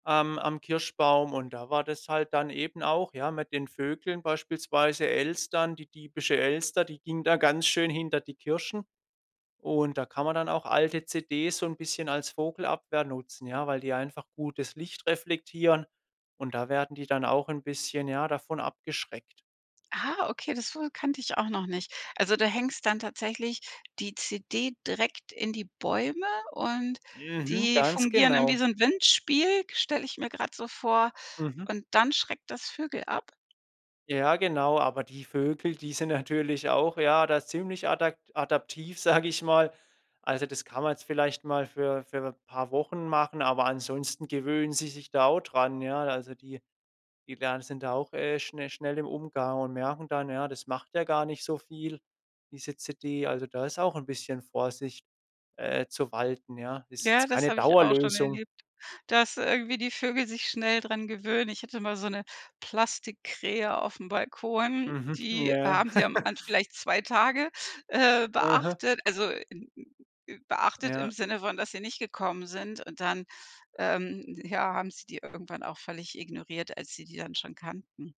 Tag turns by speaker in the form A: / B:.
A: Am am Kirschbaum. Und da war das halt dann eben auch, ja, mit den Vögeln beispielsweise, Elstern, die diebische Elster, die ging da ganz schön hinter die Kirschen. Und, da kann man dann auch alte CDs so 'n bisschen als Vogelabwehr nutzen, ja? Weil die einfach gut das Licht reflektieren. Und da werden die dann auch 'n bisschen, ja, davon abgeschreckt.
B: Ah, okay, das wu kannte ich auch noch nicht. Also, du hängst dann tatsächlich die CD direkt in die Bäume und
A: Mhm.
B: die
A: Ganz
B: fungieren dann wie
A: genau.
B: so 'n Windspiel, stelle ich mir grad so vor.
A: Mhm.
B: Und dann schreckt das Vögel ab?
A: Ja, genau. Aber die Vögel, die sind natürlich auch, ja, da ziemlich adak adaptiv, sag ich mal. Also, das kann man jetzt vielleicht mal für für 'n paar Wochen machen, aber ansonsten gewöhnen sie sich da auch dran, ja? Also die die lernen sind da auch, äh, schne schnell im Umgang und merken dann, ja, das macht ja gar nicht so viel, diese CD. Also da ist auch 'n bisschen Vorsicht, äh, zu walten, ja. Ist
B: Ja,
A: jetzt
B: das
A: keine
B: habe ich auch schon
A: Dauerlösung.
B: erlebt, dass irgendwie die Vögel sich schnell dran gewöhnen. Ich hatte mal so 'ne Plastikkrähe aufm Balkon,
A: Mhm.
B: die
A: Ja.
B: haben sie am An vielleicht 2 Tage, äh,
A: Mhm.
B: beachtet, also beachtet im
A: Ja.
B: Sinne von, dass sie nicht gekommen sind. Und dann, ähm, ja, haben sie die irgendwann auch völlig ignoriert, als sie die dann schon kannten.